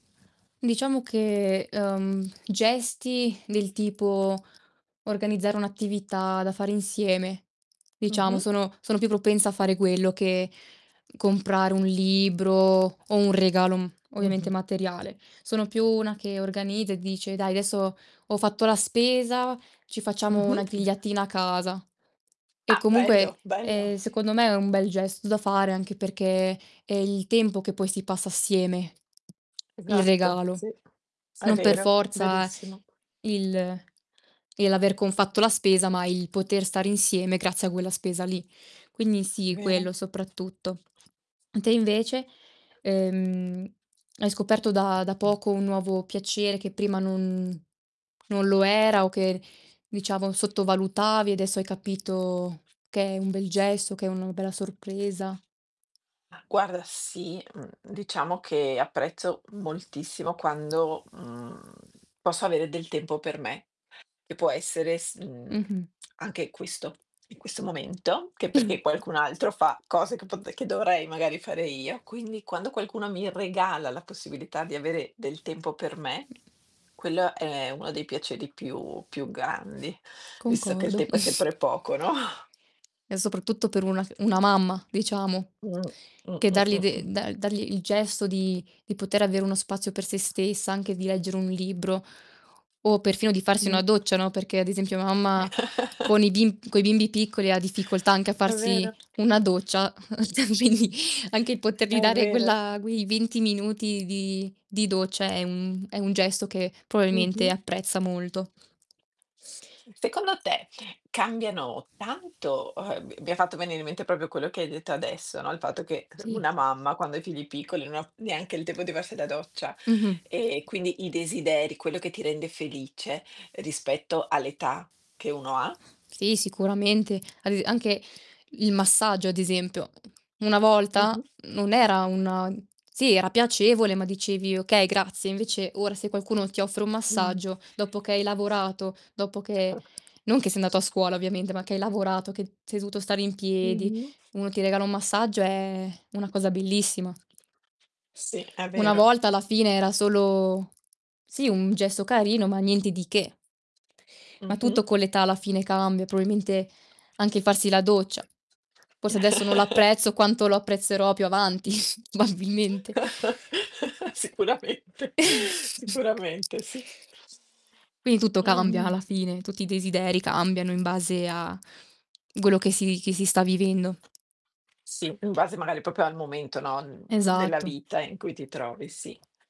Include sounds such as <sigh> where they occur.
Diciamo che, uhm, gesti del tipo organizzare un'attività da fare insieme, diciamo, Mh-mh. sono sono più propensa a fare quello che comprare un libro, o un regalo, mhmm, ovviamente Mh-mh. materiale. Sono più una che organizza e dice: "Dai, adesso ho fatto la spesa, ci facciamo una Mh-mh. grigliatina a casa." E, Ah, comunque, bello, bello. ehm, secondo me, è un bel gesto da fare anche perché, è il tempo che poi si passa assieme, il Esatto. regalo. Sì. È Non per vero, forza verissimo. il il l'aver con fatto la spesa, ma il poter stare insieme grazie a quella spesa lì. Quindi sì, Vero. quello soprattutto. Te invece, ehm, hai scoperto da da Mh. poco un nuovo piacere che prima non non lo era o che, diciamo, sottovalutavi e adesso hai capito che è un bel gesto, che è uno bella sorpresa? Mah, guarda, sì, mhmm, diciamo che apprezzo moltissimo quando, mhmm, posso avere del tempo per me, che può essere s mhmm, Mh-mh. <clicks tongue> anche questo, in questo momento che perché qualcun altro fa <chuckles> cose c vabbè che dovrei magari fare io. Quindi, quando qualcuno mi regala la possibilità di avere del tempo per me, Mh. quello è uno dei piaceri più più grandi, <snorts> visto che il Concordo. tempo è <snorts> sempre poco, no? E soprattutto per una c una mamma, diciamo, Mh. Mh. che Mh. darli Mh. de Mh. dal dargli il gesto di di poter avere uno spazio per sé stessa, anche di leggere un libro, o perfino di farsi Mh. una doccia, no, perché ad esempio mia mamma con i bim coi bimbi <chuckles> piccoli ha difficoltà anche a È farsi vero. una doccia, <chuckles> <unintelligible> anche il poterli È dare vero. quella quei 20 minuti di di doccia è un è un gesto che probabilmente Mh-mh. apprezza molto. Secondo te, cambiano tanto uhm, m mi ha fatto venire in mente proprio quello che hai detto adesso, no, il fatto che <chuckles> Sì. una mamma quando ha i figli piccoli non ho neanche il tempo di farsi la doccia, Mh-mh. e quindi i desideri, quello che ti rende felice rispetto all'età che uno ha Sì, sicuramente. Ad es anche il massaggio, ad esempio. Una volta Mh-mh. non era una sì, era piacevole, ma dicevi: "Okay, grazie." Invece, ora se qualcuno ti offre un Mh. massaggio dopo che hai lavorato, dopo che <chuckles> non che sei andato a scuola ovviamente, ma che hai lavorato, che d sei dovuto stare in piedi, Mh-mh. uno ti regala un massaggio è una cosa bellissima. Sì, è Una vero. volta alla fine era solo sì, un gesto carino, ma niente di che. Ma Mh-mh. tutto con l'età alla fine cambia, probabilmente anche il farsi la doccia. Forse adesso non l'apprezzo <chuckles> quanto lo apprezzerò più avanti, <snorts> probabilmente. <chuckles> Sicuramente, sicuramente <chuckles> sì. Quindi tutto cambia Ehm alla fine, tutti i desideri cambiano in base a quello che si che si sta vivendo. Sì, in base magari proprio al momento, no, mhmm, della Esatto. vita in cui ti trovi, sì.